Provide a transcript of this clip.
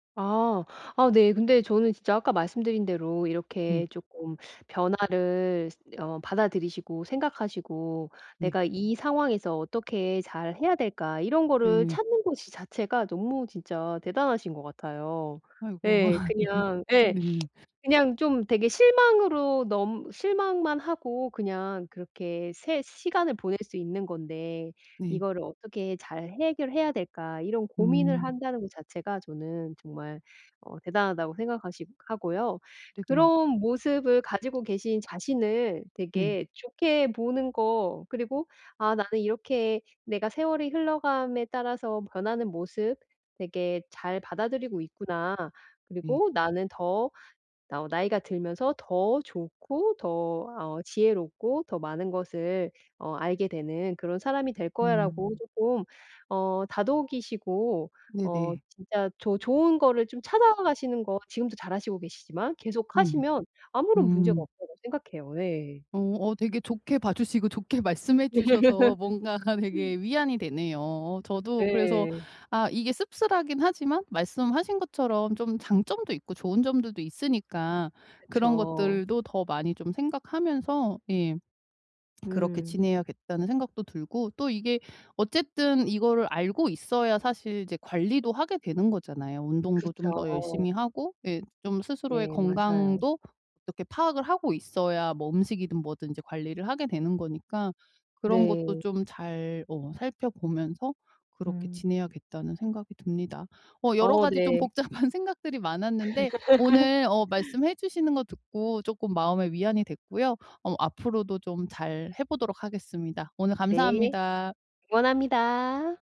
아. 아 네. 근데 저는 진짜 아까 말씀드린 대로 네. 이렇게 쪼끔 변화를 쓰 어 받아들이시고 생각하시고 네. '내가 이 상황에서 어떻게 잘 해야 될까.' 이런 거를 네네. 찾는 것이 자체가 너무 진짜 대단하신 것 같아요. 아이고. 예. 그냥 예. 네. 그냥 좀 되게 실망으로 너무 실망만 하고 그냥 그렇게 새 시간을 보낼 수 있는 건데 네. '이거를 어떻게 잘 해결해야 될까.' 이런 고민을 음. 한다는 거 자체가 저는 정말 어 대단하다고 생각하시 하고요. 네네. 그런 모습을 가지고 계신 자신을 네. 되게 좋게 보는 거 그리고 '아 나는 이렇게 내가 세월이 흘러감에 따라서 변하는 모습 되게 잘 받아들이고 있구나. 네. 그리고 나는 더 나오 나이가 들면서 더 좋고 더 어 지혜롭고 더 많은 것을 어 알게 되는 그런 사람이 될 거야'라고 음. 쪼끔 어 다독이시고 어 네네. 진짜 좋 좋은 거를 좀 찾아가시는 거 지금도 잘 하시고 계시지만 음. 네. 계속하시면 아무런 문제가 음. 없다고 생각해요. 예. 어. 어 되게 좋게 봐주시고 좋게 말씀해 주셔서 뭔가가 되게 위안이 되네요. 어 저도 그래서 네. 아 이게 씁쓸하긴 하지만 말씀하신 것처럼 좀 장점도 있고 좋은 점들도 있으니까 그런 그쵸. 것들도 더 많이 좀 생각하면서 예. 그렇게 음. 지내야겠다는 생각도 들고 또 이게 어쨌든 이거를 알고 있어야 사실 이제 관리도 하게 되는 거잖아요. 운동도 좀 그쵸. 더 열심히 하고 예 좀 스스로의 네. 맞아요. 건강도 어떻게 파악을 하고 있어야 뭐 음식이든 뭐든 이제 관리를 하게 되는 거니까 그런 것도 네. 좀 잘 어 살펴보면서 그렇게 음. 지내야겠다는 생각이 듭니다. 어 여러 어. 가지 좀 네. 복잡한 생각들이 많았는데 오늘 어 말씀해 주시는 거 듣고 쪼끔 마음에 위안이 됐고요. 어 앞으로도 좀 잘해보도록 하겠습니다. 오늘 네. 감사합니다. 응원합니다.